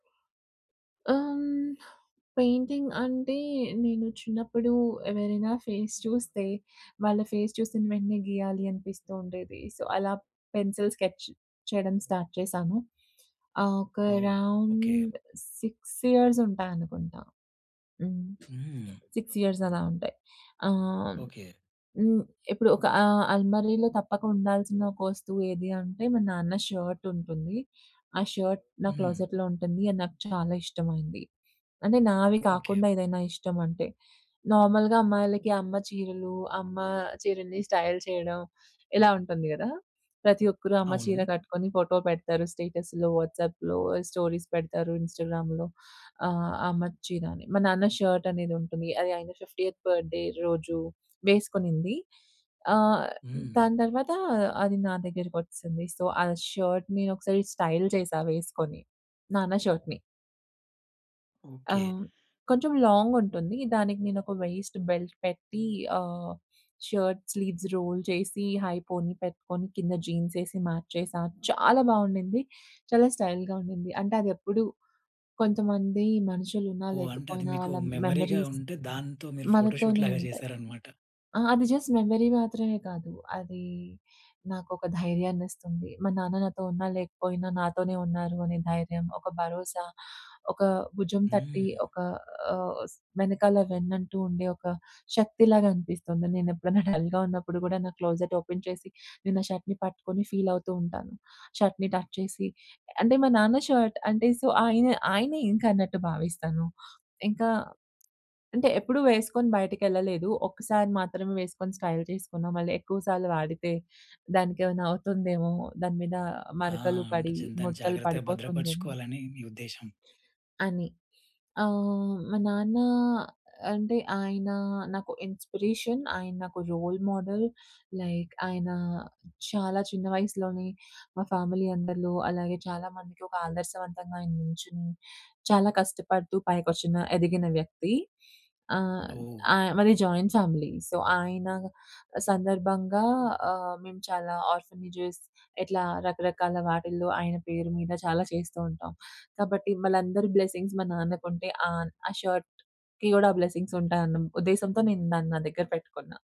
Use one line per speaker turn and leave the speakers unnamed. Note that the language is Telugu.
అమ్ పెయింటింగ్ అంటే నేను చిన్నప్పుడు ఎవరైనా ఫేస్ చూస్తే వాళ్ళ ఫేస్ చూసిన వెంటనే గీయాలి అనిపిస్తూ ఉండేది. సో, అలా పెన్సిల్ స్కెచ్ చేయడం స్టార్ట్ చేశాను. ఆహ్, ఒక
ఓహ్! ఓకే.
అరౌండ్ 6 ఇయర్స్ ఉంటాయనుకుంటా. హ్మ్.
హ్మ్.
6 ఇయర్స్ అలా ఉంటాయి. ఆహ్,
ఓకే.
హ్మ్, ఇప్పుడు ఒక ఆహ్, అల్మరిలో తప్పక ఉండాల్సిన ఒక వస్తువు ఏది అంటే, మా నాన్న షర్ట్ ఉంటుంది. ఆ షర్ట్ నా
హ్మ్.
క్లోజెట్‌లో ఉంటుంది. అది నాకు చాలా ఇష్టమైంది. అంటే నావి
ఓకే.
కాకుండా ఏదైనా ఇష్టం అంటే. నార్మల్‌గా అమ్మాయిలకి అమ్మ చీరలు, అమ్మ చీరల్ని స్టైల్ చేయడం ఇలా ఉంటుంది కదా! ప్రతి ఒక్కరు అమ్మ చీర
అవును.
కట్టుకొని ఫోటో పెడతారు. స్టేటస్‌లో, వాట్సాప్‌లో స్టోరీస్ పెడతారు ఇన్‌స్టాగ్రామ్‌లో ఆహ్, అమ్మ చీర అని. మా నాన్న షర్ట్ అనేది ఉంటుంది. అది ఆయన 50 బర్త్‌డె రోజు వేసుకునింది. ఆహ్,
హ్మ్.
దాని తరువాత అది నా దగ్గకొచ్చేసింది. సో ఆ షర్ట్‌ నేనొకసారి స్టైల్ చేశా వేసుకొని, నాన్న షర్ట్‌ని.
ఓకే.
ఆహ్, కొంచెం లాంగ్ ఉంటుంది. దానికి నేనొక వైస్ట్ బెల్ట్ పెట్టి ఆహ్, షర్ట్ స్లీవ్స్ రోల్ చేసి హైపోనీ పెట్టుకొని, కింద జీన్స్ వేసి మ్యాచేశా, చాలా బాగుండింది. చాలా స్టైల్‌గా ఉండింది. అంటే అదెప్పుడు కొంతమంది మనుషులున్నా,
ఓహ్! అంటే అది
లేకపోయినా
మీకు
వాళ్ళ
మెమరీగా
మెమోరీస్
ఉంటే దాంతో మీరు ఫోటోషూట్‌
మనతోనే
లాగా
ఉంటాయి.
చేశారన్నమాట.
ఆ! అది జస్ట్ మెమరీ మాత్రమే కాదు. అది నాకొక ధైర్యాన్నిస్తుంది. మా నాన్న నాతో ఉన్నా, లేకపోయినా నాతోనే ఉన్నారు అనే ధైర్యం, ఒక భరోసా ఒక భుజం తట్టి
హ్మ్.
ఒక ఆహ్, స్ వెనకాల వెన్నంటూ ఉండే ఒక శక్తిలాగా అనిపిస్తుంది. నేనేప్పుడైనా డల్‌గా ఉన్నప్పుడు కూడా నా క్లోజెట్ ఓపెన్ చేసి నేనా షర్ట్‌ని పట్టుకొని ఫీల్ అవుతూ ఉంటాను. షర్ట్‌ని టచ్ చేసి. అంటే మా నాన్న షర్ట్ అంటే సో, ఆయన, ఆయనే ఇంకా అన్నట్టు భావిస్తాను. ఇంకా అంటే ఎప్పుడు వేసుకొని బయటకెళ్ళలేదు. ఒక్కసారి మాత్రమే వేసుకొని స్టైల్ చేసుకున్నాం. మళ్ళీ ఎక్కువ సార్లు వాడితే దానికేమైనా అవుతుందేమో. దాని మీన
ఆ!
మరకలు
అంటే
పడి
జన్ దాన్ని
ముడతలు
జాగ్రత్తగా
పడిపోతుందేమో...
భద్రపరుచుకోవాలని మీ ఉద్దేశం.
అని. ఆహ్, మా నాన్న అంటే, ఆయన నాకు ఇన్‌స్పిరేషన్. ఆయన నాకు రోల్ మోడల్. లైక్ ఆయన చాలా చిన్న వయసులోనే మా ఫ్యామిలీ అందరిలో, అలాగే చాలా మందికొక ఆదర్శవంతంగా ఆయన నుంచుని, చాలా కష్టపడుతూ పైకొచ్చిన ఎదిగిన వ్యక్తి. ఆహ్,
ఓహ్!
ఆహ్, మాది జాయింట్ ఫ్యామిలీ. సో, ఆయన సందర్భంగా ఆహ్, మేము చాలా ఆర్ఫనేజె‌స్ ఇట్లా రకరకాల వాటిలో ఆయన పేరు మీద చాలా చేస్తూ ఉంటాం. కాబట్టి వాళ్ళందరి బ్లెస్సింగ్స్ మా నాన్నకుంటే ఆహ్, ఆ షర్ట్‌కి కూడా బ్లెస్సింగ్స్ ఉంటాయన్న ఉద్దేశంతో నేను దాన్ని నా దగ్గర పెట్టుకున్నా.